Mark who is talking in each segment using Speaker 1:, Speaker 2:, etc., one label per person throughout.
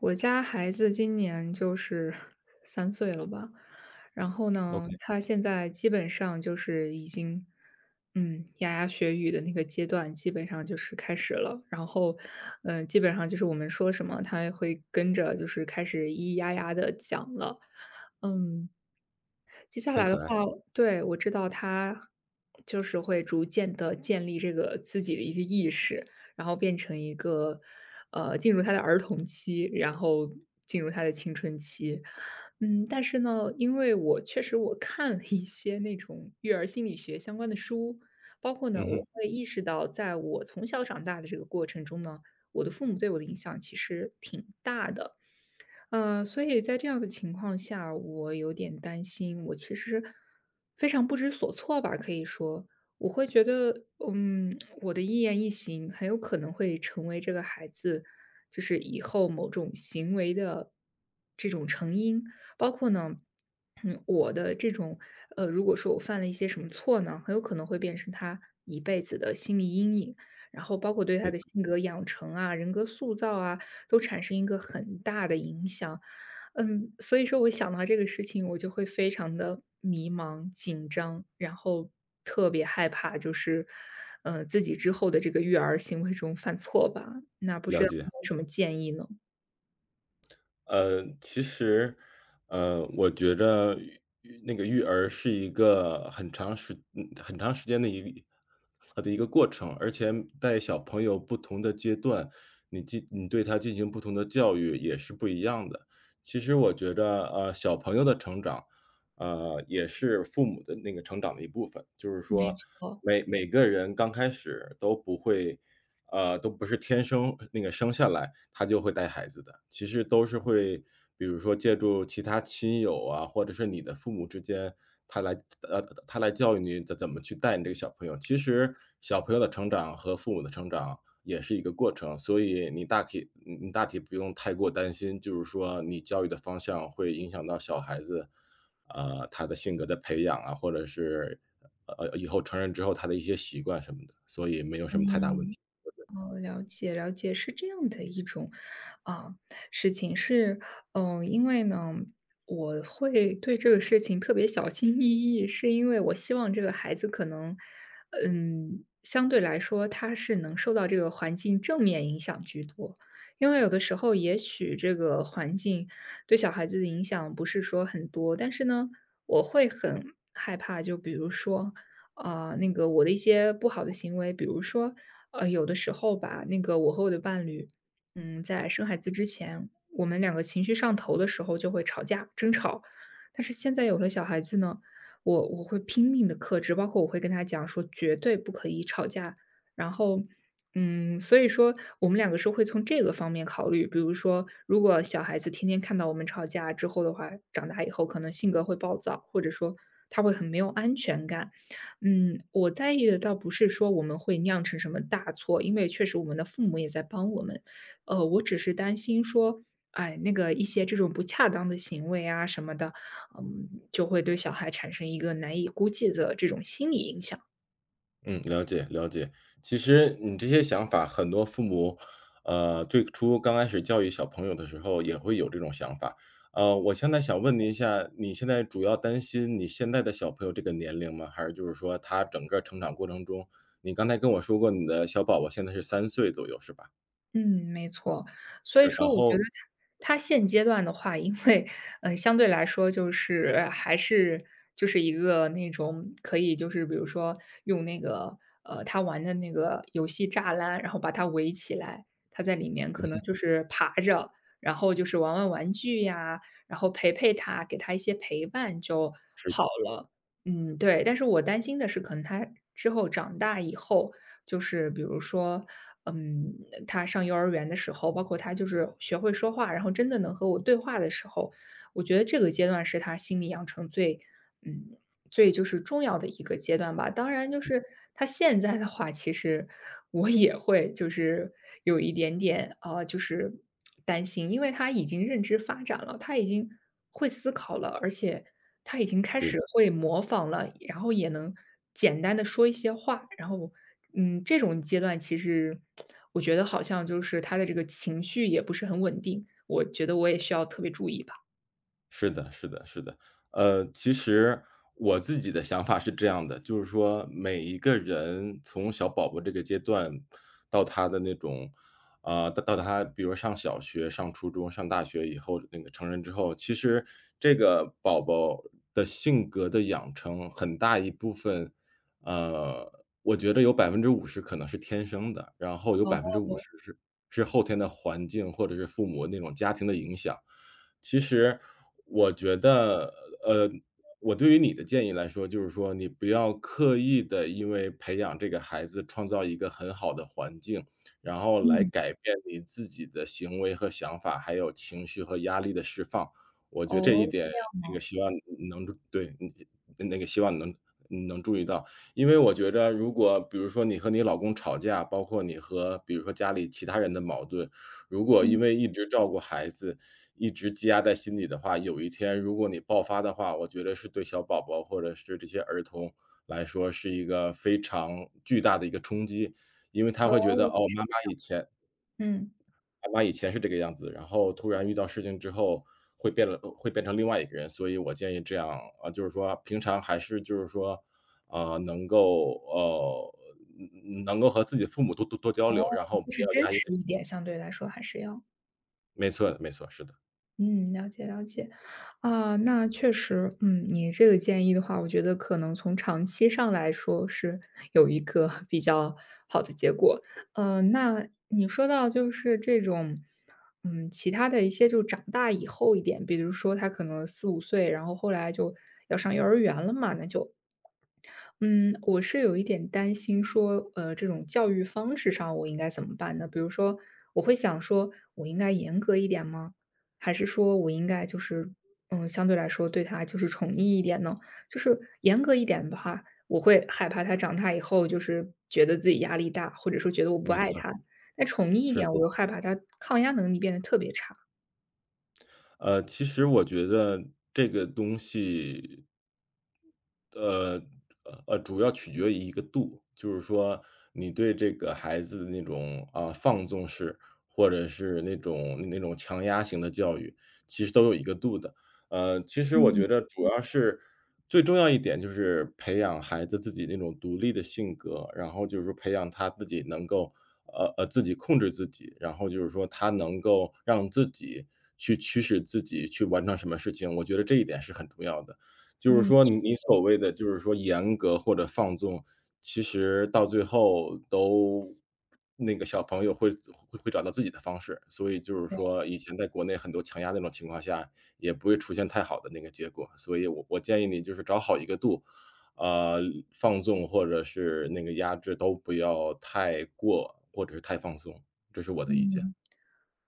Speaker 1: 我家孩子今年就是 3岁了吧，然后呢，
Speaker 2: OK。
Speaker 1: 他现在基本上就是已经嗯，牙牙学语的那个阶段，基本上就是开始了，然后呃，基本上就是我们说什么，他也会跟着，就是开始咿咿呀呀地讲了。嗯，接下
Speaker 2: 很
Speaker 1: 来的
Speaker 2: 可爱。
Speaker 1: 话对，我知道他就是会逐渐地建立这个自己的一个意识，然后变成一个呃，进入他的儿童期，然后进入他的青春期。嗯，但是呢，因为我确实我看了一些那种育儿心理学相关的书，包括呢，
Speaker 2: 嗯
Speaker 1: 我
Speaker 2: 哼。
Speaker 1: 会意识到在我从小长大的这个过程中呢，我的父母对我的影响其实挺大的。呃，所以在这样的情况下，我有点担心，我其实非常不知所措吧，可以说。我会觉得，嗯，我的一言一行很有可能会成为这个孩子，就是以后某种行为的这种成因，包括呢，我的这种呃，如果说我犯了一些什么错呢，很有可能会变成他一辈子的心理阴影。然后包括对他
Speaker 2: 没
Speaker 1: 的
Speaker 2: 错。
Speaker 1: 性格养成啊、人格塑造啊，都产生一个很大的影响。嗯，所以说，我想到这个事情，我就会非常地迷茫、紧张，然后特别害怕，就是呃，自己之后的这个育儿行为中犯错吧。那不知
Speaker 2: 了
Speaker 1: 道
Speaker 2: 解。
Speaker 1: 你有什么建议呢？
Speaker 2: 呃，其实，呃，我觉着育育那个育儿是一个很长时嗯，很长时间的一个一呃，的一个过程。而且在小朋友不同的阶段，你进你对他进行不同的教育也是不一样的。其实我觉着，呃，小朋友的成长，呃，也是父母的那个成长的一部分。就是
Speaker 1: 没
Speaker 2: 说
Speaker 1: 错。
Speaker 2: 每每个人刚开始都不会呃，都不是天生那个生下来他就会带孩子的，其实都是会，比如说，借助其他亲友啊，或者是你的父母之间，他来呃，的，呃，的他来教育你怎怎么去带你这个小朋友。其实小朋友的成长和父母的成长也是一个过程。所以你大体嗯嗯，你大体不用太过担心，就是说你教育的方向会影响到小孩子，呃，他的性格的培养啊，或者是，呃，呃呃，以后成人之后他的一些习惯什么的，所以没有什么太大问
Speaker 1: 嗯，
Speaker 2: 题，我觉得。
Speaker 1: 哦，了解了解。是这样的一种啊，事情是嗯，因为呢，我会对这个事情特别小心翼翼，是因为我希望这个孩子可能嗯，相对来说他是能受到这个环境正面影响居多。因为有的时候，也许这个环境对小孩子的影响不是说很多，但是呢，我会很害怕，就比如说，呃，那个我的一些不好的行为，比如说，呃，有的时候吧，那个我和我的伴侣，嗯，在生孩子之前，我们两个情绪上头的时候，就会吵架、争吵。但是现在有了小孩子呢，我我会拼命地克制，包括我会跟他讲说：“绝对不可以吵架。”然后嗯，所以说，我们两个说会从这个方面考虑，比如说如果小孩子天天看到我们吵架之后的话，长大以后可能性格会暴躁，或者说他会很没有安全感。嗯，我在意的倒不是说我们会酿成什么大错，因为确实我们的父母也在帮我们。呃，我只是担心说，哎，那个一些这种不恰当的行为啊什么的，嗯，就会对小孩产生一个难以估计的这种心理影响。
Speaker 2: 嗯，了解，了解。其实，你这些想法很多父母，呃最初刚开始教育小朋友的时候也会有这种想法。呃，我现在想问您一下，你现在主要担心你现在的小朋友这个年龄吗？还是就是说他整个儿成长过程中你刚才跟我说过，你的小宝宝现在是3岁左右是吧？
Speaker 1: 嗯，没错，所以
Speaker 2: 是，然
Speaker 1: 说我觉
Speaker 2: 后
Speaker 1: 得他他现阶段的话，因为，呃相对来说就是，还是就是一个那种可以就是比如说，用那个，呃他玩的那个游戏栅栏，然后把他围起来，他在里面
Speaker 2: 嗯
Speaker 1: 可能
Speaker 2: 哼。
Speaker 1: 就是爬着，然后就是玩玩玩具呀，然后陪陪他，给他一些陪伴，就
Speaker 2: 是的。
Speaker 1: 好了。嗯对，但是我担心的是可能他之后长大以后，就是比如说，嗯，呃他上幼儿园的时候，包括他就是学会说话，然后真的能和我对话的时候，我觉得这个阶段是他心里养成最，嗯，最就是重要的一个阶段吧，当然就是他现在的话，其实，我也会就是，有一点点啊，就是，担心。因为他已经认知发展了，他已经会思考了，而且，他已经开
Speaker 2: 对
Speaker 1: 始
Speaker 2: 的。
Speaker 1: 会模仿了，然后也能简单地说一些话，然后，嗯，这种阶段其实 我觉得好像就是他的这个情绪也不是很稳定，我觉得我也需要特别注意吧。
Speaker 2: 是的，是的，是的。呃，其实我自己的想法是这样的，就是说每一个人从小宝宝这个阶段到他的那种呃到他比如上小学，上初中，上大学以后那个成人之后，其实这个宝宝的性格的养成很大一部分，呃，我觉得有50%可能是天生的，然后有百分之五
Speaker 1: 哦。
Speaker 2: 十是是后天的环境或者是父母那种家庭的影响。其实我觉得呃我对于你的建议来说，就是说你不要刻意地因为培养这个孩子创造一个很好的环境，然后来
Speaker 1: 嗯。
Speaker 2: 改变你自己的行为和想法，还有情绪和压力的释放。我觉得这
Speaker 1: 哦，
Speaker 2: 一点
Speaker 1: 这样
Speaker 2: 那个
Speaker 1: 哦。
Speaker 2: 希望能对，那那个希望能能注意到。因为我觉得如果比如说你和你老公吵架，包括你和比如说家里其他人的矛盾，如果
Speaker 1: 嗯。
Speaker 2: 因为一直照顾孩子，一直积压在心里的话，有一天如果你爆发的话，我觉得是对小宝宝或者是这些儿童来说是一个非常巨大的一个冲击。因为他
Speaker 1: 哦
Speaker 2: 会觉得，哦，
Speaker 1: 是
Speaker 2: 妈妈以前
Speaker 1: 这样。嗯。
Speaker 2: 妈妈以前是这个样子，然后突然遇到事情之后会变得更会变成另外一个人，所以我建议这样呃就是说平常还是就是说呃能够哦能能够和自己的父母多多多交
Speaker 1: 哦，
Speaker 2: 流，然后不
Speaker 1: 就是
Speaker 2: 要
Speaker 1: 真
Speaker 2: 压抑
Speaker 1: 实
Speaker 2: 着。
Speaker 1: 一点，相对来说还是要。
Speaker 2: 没错，没错，是的。
Speaker 1: 嗯，了解了解。啊，那确实嗯，你这个建议的话，我觉得可能从长期上来说，是有一个比较好的结果。呃，那你说到就是这种嗯，其他的一些，就长大以后一点，比如说，他可能4、5岁，然后后来就要上幼儿园了嘛，那就嗯，我是有一点担心说呃，这种教育方式上，我应该怎么办呢？比如说我会想说，我应该严格一点吗？还是说，我应该就是嗯，相对来说，对他就是宠溺一点呢？就是严格一点的话，我会害怕他长大以后，就是觉得自己压力大，或者说觉得我不
Speaker 2: 没
Speaker 1: 爱
Speaker 2: 错。
Speaker 1: 他，那宠溺一
Speaker 2: 是
Speaker 1: 点，
Speaker 2: 的。
Speaker 1: 我又害怕他抗压能力变得特别差。
Speaker 2: 呃，其实我觉得这个东西呃，呃，主要取决于一个度，就是说，你对这个孩子的那种呃，放纵式，或者是那种那种强压型的教育，其实都有一个度的。呃，其实我
Speaker 1: 嗯。
Speaker 2: 觉得主要是最重要一点就是培养孩子自己那种独立的性格，然后就是培养他，自己能够呃，呃，自己控制自己，然后就是说，他能够让自己去驱使自己去完成什么事情，我觉得这一点是很重要的。就是
Speaker 1: 嗯。
Speaker 2: 说，
Speaker 1: 是
Speaker 2: 你你
Speaker 1: 的。
Speaker 2: 所谓的就是说严格或者放纵，其实到最后都那个小朋友，会会找到自己的方式，所以就是
Speaker 1: 了解。
Speaker 2: 说，以前在国内很多强压那种情况下，也不会出现太好的那个结果。所以我我建议你就是找好一个度。呃，放纵或者是那个压制，都不要太过，或者是太放松，这是我的意见。
Speaker 1: 嗯。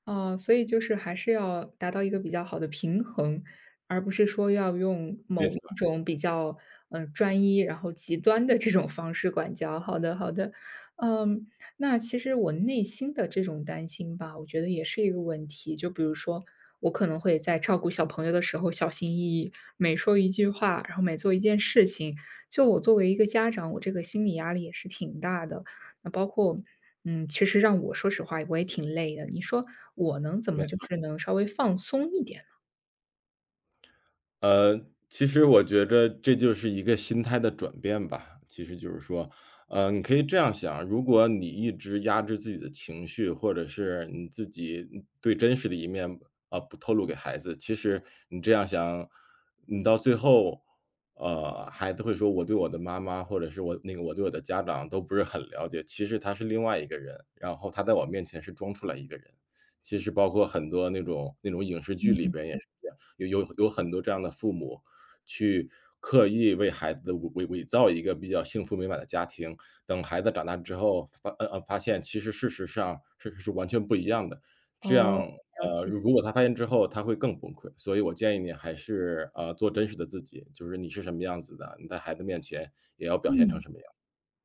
Speaker 1: 啊，所以就是还是要达到一个比较好的平衡，而不是说，要用
Speaker 2: 没
Speaker 1: 某
Speaker 2: 错。
Speaker 1: 一种比较呃，专一，然后极端的 这种方式管教，好的好的。嗯，那其实我内心的这种担心吧，我觉得也是一个问题，就比如说，我可能会在照顾小朋友的时候小心翼翼，每说一句话，然后每做一件事情，就我作为一个家长，我这个心理压力也是挺大的，那包括，嗯，其实让我说实话我也挺累的，你说，我能怎
Speaker 2: 没
Speaker 1: 么就
Speaker 2: 错。
Speaker 1: 是能稍微放松一点呢？
Speaker 2: 呃，其实我觉得这就是一个心态的转变吧，其实就是说呃你可以这样想，如果你一直压制自己的情绪，或者是你自己，嗯最真实的一面呃不透露给孩子，其实你这样想，你到最后，呃，孩子会说我对我的妈妈或者是我那个我对我的家长都不是很了解，其实他是另外一个人，然后他在我面前是装出来一个人。其实包括很多那种那种影视剧
Speaker 1: 嗯
Speaker 2: 里
Speaker 1: 嗯。
Speaker 2: 边也是这样，有有有很多这样的父母去刻意为孩子的伪伪伪造一个比较幸福美满的家庭，等孩子长大之后，发呃呃发现其实事实上事实完全不一样的，这
Speaker 1: 哦，
Speaker 2: 样
Speaker 1: 了
Speaker 2: 呃，
Speaker 1: 解。
Speaker 2: 如如果他发现之后他会更崩溃，所以我建议你还是，呃，做真实的自己，就是你是什么样子的，你在孩子面前也要表现成
Speaker 1: 嗯，
Speaker 2: 什么样。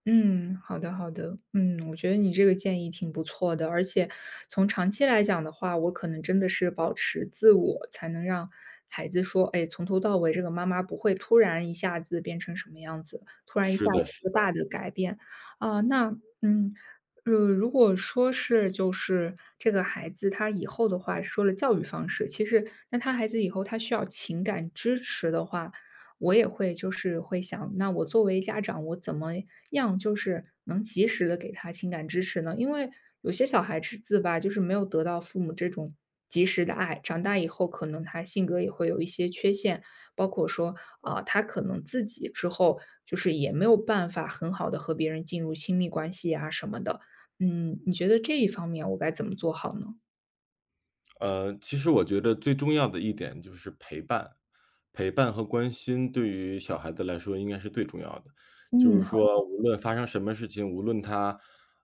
Speaker 1: 嗯，好的好的，嗯，我觉得你这个建议挺不错的，而且从长期来讲的话，我可能真的是保持自我，才能让孩子说，哎，从头到尾这个妈妈不会突然一下子变成什么样子，突然一
Speaker 2: 是
Speaker 1: 下子
Speaker 2: 的，是
Speaker 1: 一个
Speaker 2: 的。
Speaker 1: 大的改变，啊，那，嗯，呃，如果说是就是这个孩子他以后的话说了教育方式，其实那他孩子以后，他需要情感支持的话，我也会就是会想，那我作为家长，我怎么样就是能及时地给他情感支持呢？因为有些小孩子吧，就是没有得到父母这种及时的爱，长大以后可能他性格也会有一些缺陷，包括说，呃，他可能自己之后就是也没有办法很好地和别人进入亲密关系呀什么的，嗯，你觉得这一方面我该怎么做好呢？
Speaker 2: 呃，其实我觉着最重要的一点就是陪伴。陪伴和关心对于小孩子来说应该是最重要的。就
Speaker 1: 嗯，
Speaker 2: 是
Speaker 1: 好的。
Speaker 2: 说无论发生什么事情，无论他，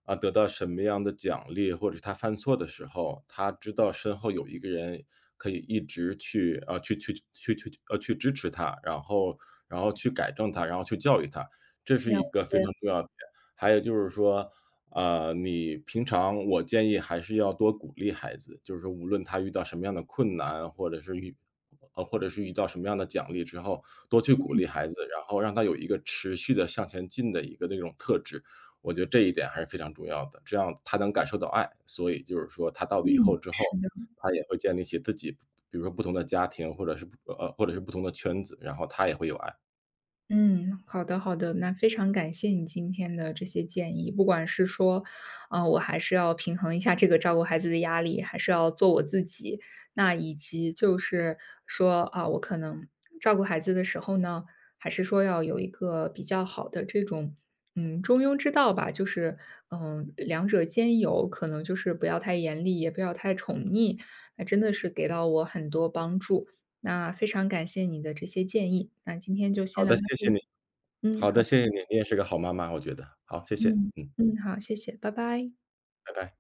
Speaker 2: 啊，得到什么样的奖励，或者他犯错的时候，他知道身后有一个人可以一直去啊，去去去去呃，去支持他，然后然后去改正他，然后去教育他，这是
Speaker 1: 了
Speaker 2: 一个非
Speaker 1: 解。
Speaker 2: 常重要的点。还有就是说，呃，你平常我建议还是要多鼓励孩子，就是说无论他遇到什么样的困难，或者是遇呃，或者是遇到什么样的奖励之后，多去鼓
Speaker 1: 嗯。
Speaker 2: 励孩子，然后让他有一个持续地向前进的一个那种特质，我觉得这一点还是非常重要的。这样他能感受到爱，所以就是说他到了以
Speaker 1: 嗯，
Speaker 2: 后之后，
Speaker 1: 是的。
Speaker 2: 他也会建立起自己比如说不同的家庭或者是，呃，呃，或者是不同的圈子，然后他也会有爱。
Speaker 1: 嗯，好的好的，那非常感谢你今天的这些建议。不管是说，啊，我还是要平衡一下这个照顾孩子的压力，还是要做我自己。那以及就是说，啊，我可能照顾孩子的时候呢，还是说要有一个比较好的这种，嗯，中庸之道吧。就是，嗯，两者兼有，可能就是不要太严厉，也不要太宠腻。那真的是给到我很多帮助，那非常感谢你的这些建议，那今天就先
Speaker 2: 好
Speaker 1: 聊
Speaker 2: 的，
Speaker 1: 到
Speaker 2: 谢
Speaker 1: 这
Speaker 2: 谢
Speaker 1: 里。
Speaker 2: 你。
Speaker 1: 嗯，
Speaker 2: 好
Speaker 1: 好。
Speaker 2: 的，谢谢你。你也是个好妈妈，我觉得。好，谢谢，
Speaker 1: 嗯，
Speaker 2: 嗯。
Speaker 1: 嗯，好，谢谢，拜拜。
Speaker 2: 拜拜。